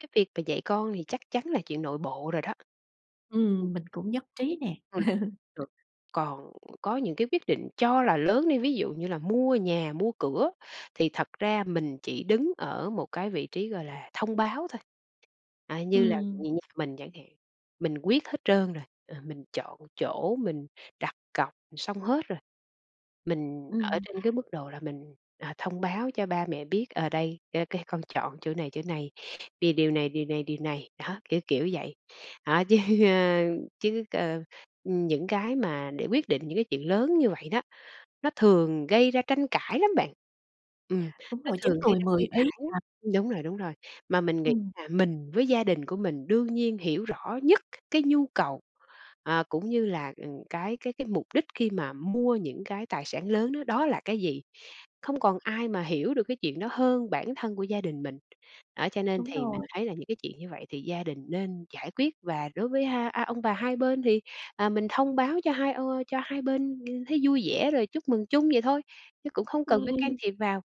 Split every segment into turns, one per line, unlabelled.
Cái việc mà dạy con thì chắc chắn là chuyện nội bộ rồi đó.
Ừm, mình cũng nhất trí nè.
[unintelligible] Còn có những cái quyết định cho là lớn đi, ví dụ như là mua nhà, mua cửa, thì thật ra mình chỉ đứng ở một cái vị trí, gọi là, thông báo thôi. À, như là
Ừm.
như nhà mình chẳng hạn, mình quyết hết trơn rồi, ờ, mình chọn chỗ mình đặt cọc xong hết rồi. Mình ở
Ừm.
trên cái mức độ là mình, à, thông báo cho ba mẹ biết, ờ, đây cái cái con chọn chỗ này, chỗ này, vì điều này, điều này, điều này, đó, kiểu kiểu vậy. Đó chứ, ơ, chứ, ơ, ừm, những cái mà để quyết định những cái chuyện lớn như vậy đó, nó thường gây ra tranh cãi lắm bạn, ừm,
Đúng
nó
rồi, 9
thường gây
người
ra
10
tranh
ý
cãi lắm.
à.
Đúng rồi, đúng rồi, mà mình nghĩ
Ừm.
là mình với gia đình của mình đương nhiên hiểu rõ nhất cái nhu cầu, à, cũng như là, ừm, cái cái cái mục đích khi mà mua những cái tài sản lớn á, đó là cái gì? Không còn ai mà hiểu được cái chuyện đó hơn bản thân của gia đình mình, đó cho nên
Đúng
thì mình
rồi.
thấy là những cái chuyện như vậy thì gia đình nên giải quyết và đối với ha a, ông bà hai bên thì, à, mình thông báo cho hai, ơ, cho hai bên thấy vui vẻ rồi chúc mừng chung vậy thôi, chứ cũng không cần phải can
Ừm.
thiệp vào.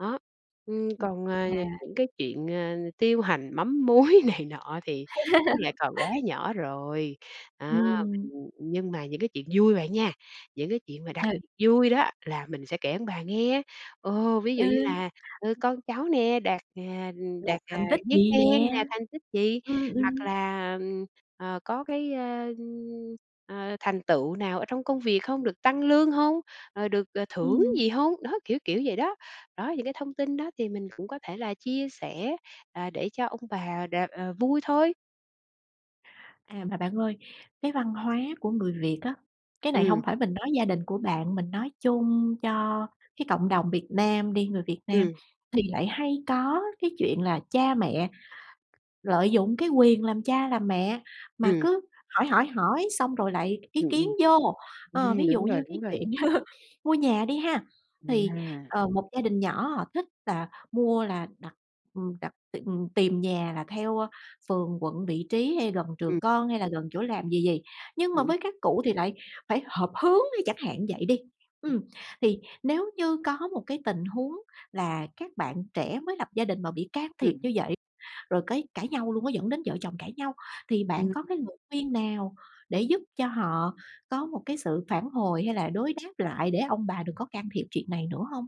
Đó, ừm, còn, à,
À.
những cái chuyện, ờ, tiêu hành mắm muối này nọ thì nó lại còn quá nhỏ rồi, đó, ưm,
Ừm.
nhưng mà những cái chuyện vui bạn nha, những cái chuyện mà đặc
Ừ.
biệt vui đó, là mình sẽ kể ông bà nghe. Ồ, ví
Ừ.
dụ như là, ừ, con cháu nè đạt, à, đạt,
Đạt
à,
thành tích
giấy
gì
khen
nè,
nè, thành tích gì,
ừm,
hoặc
ừm.
là, ờm, ờ, có cái, ơ, ờ, thành tựu nào ở trong công việc không, được tăng lương hông, ờ, được thưởng
Ừm.
gì hông? Đó, kiểu kiểu vậy đó. Đó, những cái thông tin đó thì mình cũng có thể là chia sẻ, ờ, để cho ông bà đ ờ, vui thôi.
À, mà bạn ơi, cái văn hóa của người Việt á, cái này hông
Ừm.
phải mình nói gia đình của bạn, mình nói chung cho cái cộng đồng Việt Nam đi, người Việt Nam
Ừm.
thì lại hay có cái chuyện là cha mẹ lợi dụng cái quyền làm cha làm mẹ, mà
Ừm.
cứ hỏi, hỏi, hỏi xong rồi lại ý
Ừm,
kiến
ừm,
vô. Ờ,
ừm,
ví dụ
đúng rồi,
như cái
đúng rồi.
chuyện mua nhà đi ha, thì,
À.
ờ, một gia đình nhỏ họ thích là họ mua là đặt, ừm, đặt tìm tìm nhà là theo, ơ, phường, quận, vị trí hay gần
Ừm.
trường con hay là gần chỗ làm gì gì, nhưng mà
Ừm, ừm.
với các cụ thì lại phải hợp hướng, chẳng hạn như vậy đi.
[unintelligible]
Ừm. Thì nếu như có một cái tình huống là các bạn trẻ mới lập gia đình mà bị can thiệp
Ừm.
như vậy, rồi cái cãi nhau luôn á, dẫn đến vợ chồng cãi nhau, thì bạn có cái
Ừm.
lời khuyên nào để giúp cho họ có một cái sự phản hồi hay là đối đáp lại để ông bà đừng có can thiệp chuyện này nữa hông?